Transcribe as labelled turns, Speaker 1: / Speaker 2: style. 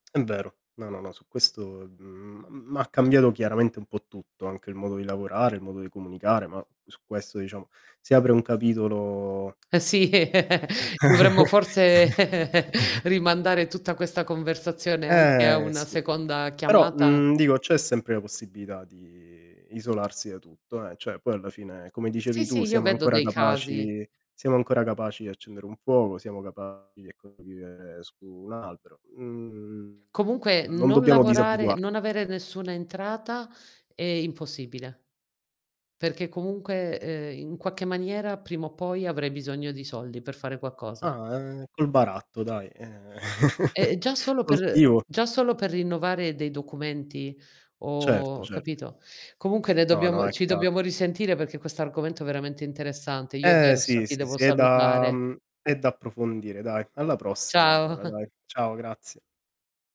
Speaker 1: È vero. No, no, no, su questo, mhmm, m m'ha cambiato chiaramente un po' tutto, anche il modo di lavorare, il modo di comunicare, ma su questo diciamo si apre un capitolo
Speaker 2: Ehm, sì, dovremmo forse rimandare tutta questa conversazione anche a
Speaker 1: Eh,
Speaker 2: una
Speaker 1: sì.
Speaker 2: seconda
Speaker 1: Però,
Speaker 2: chiamata
Speaker 1: mhmm, dico, c'è sempre la possibilità di isolarsi da tutto, eh. Cioè, poi alla fine, come dicevi
Speaker 2: Sì,
Speaker 1: tu,
Speaker 2: sì, io
Speaker 1: siamo
Speaker 2: vedo
Speaker 1: ancora
Speaker 2: dei casi.
Speaker 1: capaci siamo ancora capaci di accendere un fuoco, siamo capaci, ecco, di vivere su un albero. Mhmm,
Speaker 2: Comunque
Speaker 1: non
Speaker 2: non
Speaker 1: dobbiamo
Speaker 2: lavorare
Speaker 1: disabituar
Speaker 2: non avere nessuna entrata è impossibile, perché comunque, ehm, in qualche maniera, prima o poi, avrai bisogno di soldi per fare qualcosa.
Speaker 1: Ah, ehm, col baratto dai, ehm,
Speaker 2: Ehm, eh, già solo per
Speaker 1: coltivo
Speaker 2: già solo per rinnovare dei documenti
Speaker 1: Certo,
Speaker 2: o
Speaker 1: cert
Speaker 2: capito? Comunque ne
Speaker 1: No, no,
Speaker 2: dobbiamo
Speaker 1: è
Speaker 2: ci
Speaker 1: chiaro.
Speaker 2: dobbiamo risentire perché questo argomento è veramente interessante. Io
Speaker 1: Ehm,
Speaker 2: adesso
Speaker 1: sì,
Speaker 2: ti
Speaker 1: sì,
Speaker 2: devo
Speaker 1: sì, è da
Speaker 2: salutare.
Speaker 1: mhmm, è da approfondire, dai. Alla prossima
Speaker 2: Ciao.
Speaker 1: allora, dai. Ciao, grazie.